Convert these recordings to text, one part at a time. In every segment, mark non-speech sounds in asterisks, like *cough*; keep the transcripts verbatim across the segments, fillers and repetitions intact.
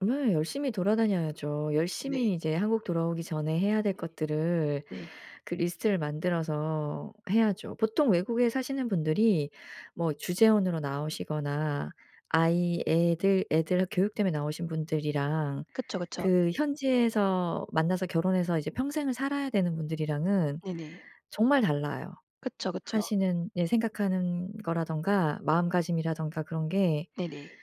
네. 열심히 돌아다녀야죠. 네. 열심히 이제 한국 돌아오기 전에 해야 될 네네. 것들을 네. 그 리스트를 만들어서 해야죠. 보통 외국에 사시는 분들이 뭐 주재원으로 나오시거나 아이 애들 애들 학 교육 때문에 나오신 분들이랑 그쵸, 그쵸. 그 현지에서 만나서 결혼해서 이제 평생을 살아야 되는 분들이랑은 네네. 정말 달라요. 그쵸, 그쵸. 하시는 예 생각하는 거라든가 마음가짐이라든가 그런 게 네네.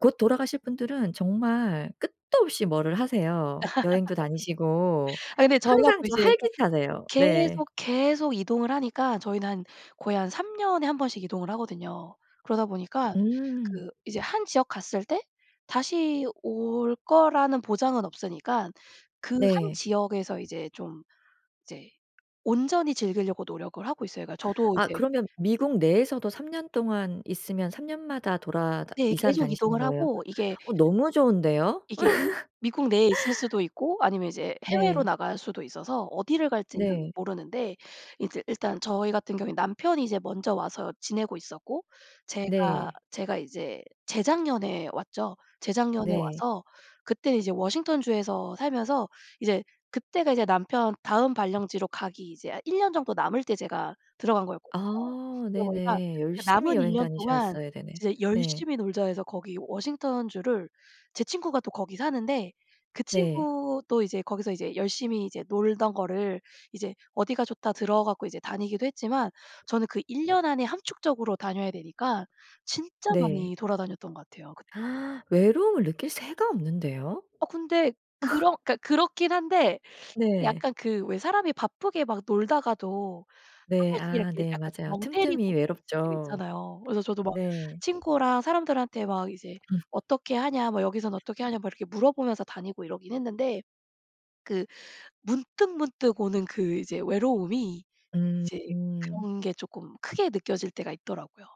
곧 돌아가실 분들은 정말 끝도 없이 뭐를 하세요. 여행도 *laughs* 다니시고 아 근데 저희가 항상 또 좀 이제 활기차세요. 네. 계속, 계속 이동을 하니까 저희는 한 거의 한 삼 년에 한 번씩 이동을 하거든요. 그러다 보니까 음. 그 이제 한 지역 갔을 때 다시 올 거라는 보장은 없으니깐 그 한 네. 지역에서 이제 좀 이제 온전히 즐기려고 노력을 하고 있어요. 그러니까 저도 아 이제 그러면 미국 내에서도 삼 년 동안 있으면 삼 년마다 돌아다 네 이사를 계속 다니시는 이동을 거예요? 하고 이게 어 너무 좋은데요? 이게 미국 내에 있을 *laughs* 수도 있고 아니면 이제 해외로 네. 나갈 수도 있어서 어디를 갈지는 네. 모르는데 이제 일단 저희 같은 경우엔 남편이 이제 먼저 와서 지내고 있었고 제가 네. 제가 이제 재작년에 왔죠. 재작년에 네. 와서 그때는 이제 워싱턴주에서 살면서 이제 그때가 이제 남편 다음 발령지로 가기 이제 아 일 년 정도 남을 때 제가 들어간 거였거든요. 아 그러다 보니까 네네. 그 열심히 남은 일 여행 년 동안 다니셨어야 되네. 이제 네. '열심히 놀자.' 해서 거기 워싱턴주를 제 친구가 또 거기 사는데 그 네. 친구도 이제 거기서 이제 열심히 이제 놀던 거를 이제 "어디가 좋다." 들어 갖고 이제 다니기도 했지만 저는 그 일 년 안에 함축적으로 다녀야 되니까 진짜 네. 많이 돌아다녔던 것 같아요 그때도. *gasps* 외로움을 느낄 새가 없는데요? 어 근데 *laughs* 그런 그러니까 그렇긴 한데 이게 네. 약간 그 왜 사람이 바쁘게 막 놀다가도 한 네. 번씩 아 이렇게 네. 약간 좀 맞아요. 멍 때리고 틈틈이 있을 때가 외롭죠. 있잖아요. 그래서 저도 막 네. 친구랑 사람들한테 막 이제 음. "어떻게 하냐? 뭐 여기선 어떻게 하냐?" 막 이렇게 물어보면서 다니고 이러긴 했는데 그 문득문득 오는 그 이제 외로움이 이제 음. 그런 게 조금 크게 느껴질 때가 있더라고요.